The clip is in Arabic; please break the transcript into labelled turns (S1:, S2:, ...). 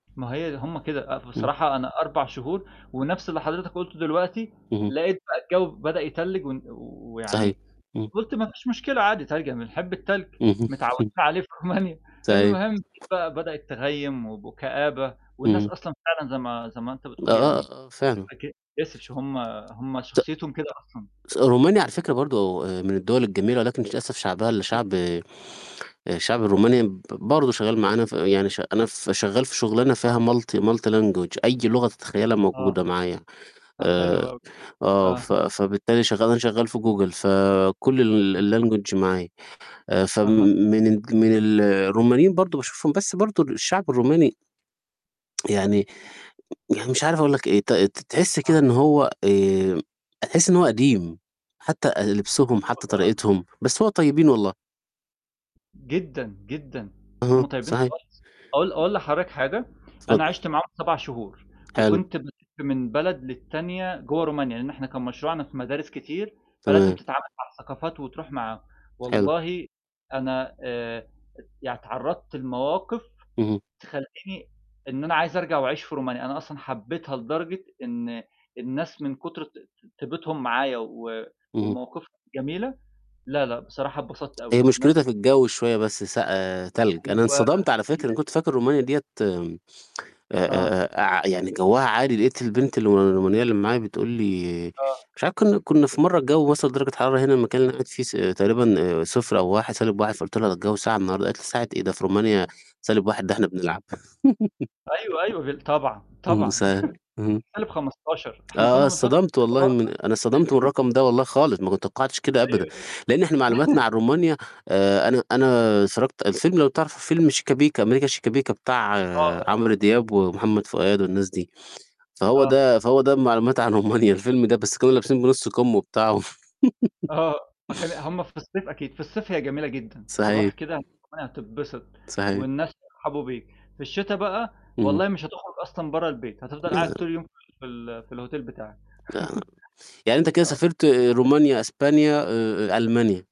S1: ما هي ده هُم كده، آآ،
S2: امم.
S1: بصراحة أنا 4 شهور ونَفْس اللي حضرتك قُلته دلوقتي،
S2: اهم.
S1: لقيت بقى الجو بدأ يتلّج و
S2: صحيح.
S1: ويعني
S2: امم.
S1: قُلت ما فيش مشكلة عادي، تلج بنحب التلج،
S2: اهم.
S1: متعودين عليه في رومانيا.
S2: صحيح.
S1: المهم بقى بدأت تغيم وكآبة والناس
S2: امم.
S1: أصلًا فعلًا زي ما زي ما أنت
S2: آه،
S1: بتقول يعني
S2: آه، آه، فعلًا.
S1: [unintelligible] هُم هُم
S2: ت
S1: شخصيتهم كده أصلًا.
S2: س رومانيا على فكرة برضُه من الدول الجميلة، ولكن للأسف شعبها اللي
S1: [unintelligible]
S2: شعب آآ، الشعب الروماني ب برضه شغال معانا يعني ش أنا ف شغال في شغلانه فيها
S1: آه.
S2: multi multi language أي لغة تتخيلّها
S1: آه.
S2: موجودة معايا
S1: حلو
S2: آآ
S1: أوي،
S2: آه، ف
S1: آه.
S2: فبالتالي شغال أنا شغال في جوجل، فكل الlanguage معايا. فم
S1: أها.
S2: من ال من ال الرومانيين برضُه باشوفهم، بس برضُه الشعب الروماني يعني يعني مش عارف أقول لك إيه، ت ت تحس كده
S1: آه.
S2: إن هو آآ، تحس إن هو قديم حتى أ لبسُهم حتى
S1: [unintelligible]
S2: طريقتهم، بس هو طيبين والله.
S1: جدًا، جدًا هُم
S2: اهم،
S1: طيبِين
S2: صحيح.
S1: خالص أقول أقول لحضرتك حاجة، أنا
S2: اتفضل.
S1: عشت معاهم 7 شهور
S2: حلو.
S1: وكنت بلّف من بلد للّتانية جوا رومانيا، لأن إحنا كان مشروعنا في مدارس كتير فى لازم
S2: تمام.
S1: تتعامل مع الثقافات وتروح مع
S2: حلو.
S1: والله أنا آآ، يعني تعرضت لمواقف
S2: اهم.
S1: تخلّيني إن أنا عايز أرجع وأعيش في رومانيا. أنا أصلًا حبيتها لدرجة إن الناس من كتر ط طِيبتهُم معايا و
S2: اهم.
S1: ومواقفهم جميلة، لا لأ بصراحة اتبسطت
S2: هي
S1: أوي.
S2: مشكلتها
S1: ناس
S2: في الجو شوية بس سق آآ، تلج، أنا
S1: أيوه. هي
S2: اتصدمت على
S1: دي
S2: فكرة، أنا كنت فاكر رومانيا ديّة آآ،
S1: آه.
S2: آآ ع يعني جوها عادي، لقيت البنت الو الرومانية اللي معايا بتقُول لي
S1: آه.
S2: مش عارف كنّا كنّا في مرة الجو وصل درجة حرارة هنا المكان اللي أنا قاعد فيه ص تقريبًا 0 أو 1، -1 فقلت لها الجو ساقع النهارده، قالت لي ساقع إيه ده في رومانيا سالب واحد ده إحنا بنلعب.
S1: أيوه، أيوه، بال طبعًا،
S2: امم،
S1: طبعًا.
S2: صحيح، اها.
S1: 15-، إحنا كنا
S2: آه،
S1: بنحط
S2: اتصطدمت والله من أنا اتصطدمت من
S1: [unintelligible]
S2: الرقم ده والله خالص ما كنت توقعتش كده أبدًا،
S1: أيوه.
S2: لأن إحنا معلوماتنا عن رومانيا آآ، أنا أنا اتفرّجت الفيلم لو تعرف فيلم شِيكا بِيكا، أمريكا شِيكا بِيكا بتاع
S1: آه، آه، عارفه.
S2: عمرو دياب ومحمد فؤاد والناس دي، فهو
S1: آه.
S2: ده فهو ده معلوماتي عن رومانيا، الفيلم ده، بس كانوا لابسين بنُص كُم وبتاع و
S1: آه، فكان ال هُم في الصيف أكيد، في الصيف هي جميلة جدًا. رُوح
S2: صحيح.
S1: كده رومانيا هتتبسط،
S2: صحيح.
S1: والناس بيرحبوا بيك. في الشتاء بقى
S2: اهم.
S1: والله مش هتخرج أصلًا برا البيت، هتفضل
S2: آه.
S1: قاعد طول يوم في ال في الhotel بتاعك.
S2: آه. يعني أنت كده
S1: آه.
S2: سافرت رومانيا، أسبانيا، ألمانيا؟